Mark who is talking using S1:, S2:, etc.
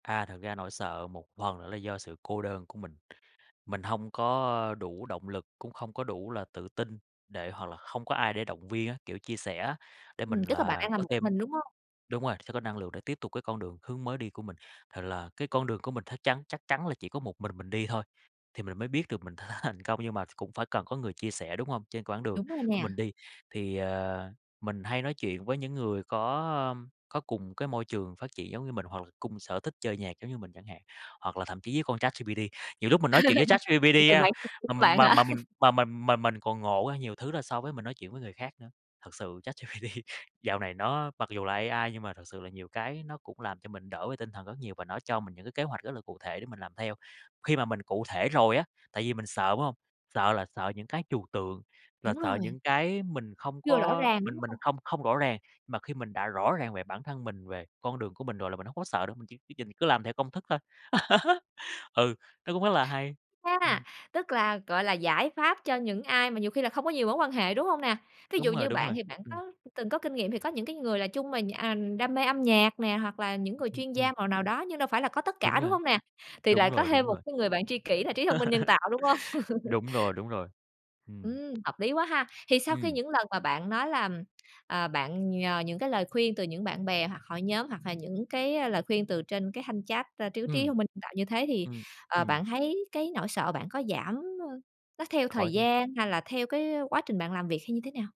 S1: À, thật ra nỗi sợ một phần nữa là do sự cô đơn của mình. Mình hông có, ơ, đủ động lực, cũng không có đủ là tự tin để hoặc là không có ai để động viên á, kiểu, chia sẻ á, để mình
S2: Ừm, tức là bạn
S1: là
S2: đang làm
S1: có
S2: một
S1: thêm
S2: mình, đúng hông?
S1: đúng rồi, sẽ có năng lượng để tiếp tục cái con đường, hướng mới đi của mình. Thì là cái con đường của mình thắc chắn chắc chắn là chỉ có một mình mình đi thôi, thì mình mới biết được mình th thành thành công, nhưng mà cũng phải cần có người chia sẻ, đúng hông? Trên quãng đường
S2: Đúng rồi
S1: của
S2: nè.
S1: mình đi, thì, ờ, mình hay nói chuyện với những người có, ơm, có cùng cái môi trường phát triển giống như mình, hoặc là cùng sở thích chơi nhạc giống như mình chẳng hạn. Hoặc là thậm chí với con Chat GPT, nhiều lúc mình nói chuyện với Chat
S2: Một
S1: GPD
S2: người
S1: á,
S2: bạn thân của
S1: mà m
S2: bạn
S1: mà
S2: hả?
S1: mà mình mà mình mà mình còn ngộ ra nhiều thứ là so với mình nói chuyện với người khác nữa. Thật sự Chat GPT dạo này nó mặc dù là AI nhưng mà thật sự là nhiều cái nó cũng làm cho mình đỡ về tinh thần rất nhiều, và nó cho mình những cái kế hoạch rất là cụ thể để mình làm theo. Khi mà mình cụ thể rồi á, tại vì mình sợ, đúng hông? Sợ là sợ những cái trừu tượng, là
S2: Đúng
S1: sợ
S2: rồi.
S1: những cái mình không
S2: Chưa rõ
S1: có
S2: ràng, đúng
S1: mình mình
S2: hông?
S1: không không rõ ràng, mà khi mình đã rõ ràng về bản thân mình, về con đường của mình rồi là mình hông có sợ nữa, mình chỉ cứ nhìn, cứ làm theo công thức thôi. Ừ, nó cũng rất là hay.
S2: A,
S1: Ừm.
S2: tức là, gọi là, giải pháp cho những ai mà nhiều khi là không có nhiều mối quan hệ, đúng hông nè? Thí dụ
S1: Đúng rồi,
S2: như
S1: đúng
S2: bạn
S1: rồi,
S2: thì bạn
S1: ừm.
S2: có từng có kinh nghiệm, thì có những cái người là chung mà nh à, đam mê âm nhạc nè, hoặc là những người
S1: Ừm,
S2: chuyên gia
S1: ừm.
S2: màu nào đó, nhưng đâu phải là có tất
S1: Đúng
S2: cả, đúng
S1: rồi.
S2: hông nè? Thì
S1: Đúng
S2: lại có
S1: rồi,
S2: thêm
S1: đúng
S2: một
S1: rồi.
S2: cái người bạn tri kỷ là trí thông minh nhân tạo, đúng hông?
S1: Đúng rồi, đúng rồi. Ừm.
S2: Ừm, hợp lý quá ha. Thì sau khi
S1: Ừm.
S2: những lần mà bạn nói là, ờ, bạn nhờ những cái lời khuyên từ những bạn bè hoặc hội nhóm hoặc là những cái, a, lời khuyên từ trên cái thanh chat, à, trí trí
S1: Ừm.
S2: thông minh nhân tạo như thế thì,
S1: Ừm,
S2: ờ,
S1: ừm.
S2: bạn thấy cái nỗi sợ bạn có giảm, ơ, nó theo
S1: Có
S2: thời
S1: chứ.
S2: gian hay là theo cái, ơ, quá trình bạn làm việc hay như thế nào?